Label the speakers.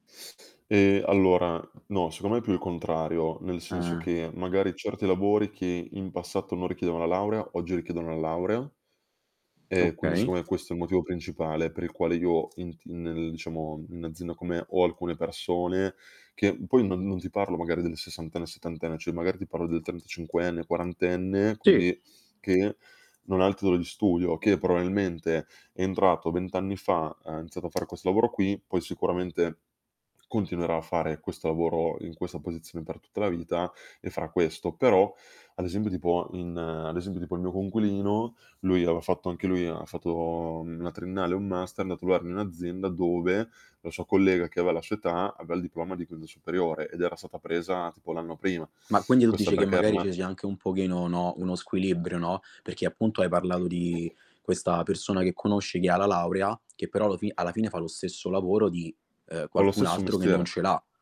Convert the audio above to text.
Speaker 1: Ehm, allora no, secondo me è più il contrario, nel senso
Speaker 2: Ah.
Speaker 1: che magari certi lavori che in passato non richiedevano la laurea, oggi richiedono la laurea e quindi
Speaker 2: Okay.
Speaker 1: secondo me questo è il motivo principale per il quale io in ti nel diciamo, in un'azienda con me ho alcune persone che poi non non ti parlo magari del sessantenne, settantenne, cioè magari ti parlo del trentacinquenne o quarantenne
Speaker 2: Sì.
Speaker 1: quindi che non ha il titolo di studio, che probabilmente è entrato 20 anni fa, ha iniziato a far questo lavoro qui, poi sicuramente continuerà a fare questo lavoro in questa posizione per tutta la vita e farà questo. Però ad esempio, tipo in ad esempio tipo il mio coinquilino lui aveva fatto anche lui ha fatto una triennale e un master, è andato lavorare in un'azienda dove la sua collega che aveva la sua età aveva il diploma di quinto superiore ed era stata presa tipo l'anno prima.
Speaker 2: Ma quindi tu
Speaker 1: Questo
Speaker 2: dici che
Speaker 1: perché era
Speaker 2: magari
Speaker 1: una
Speaker 2: ce sia anche un pochino, no, uno squilibrio, no, perché appunto hai parlato di questa persona che conosci che ha la laurea che però allo fi alla fine fa lo stesso lavoro di, eh,
Speaker 1: Fa lo
Speaker 2: qualcun
Speaker 1: stesso
Speaker 2: altro che non
Speaker 1: mestiere.
Speaker 2: ce l'ha.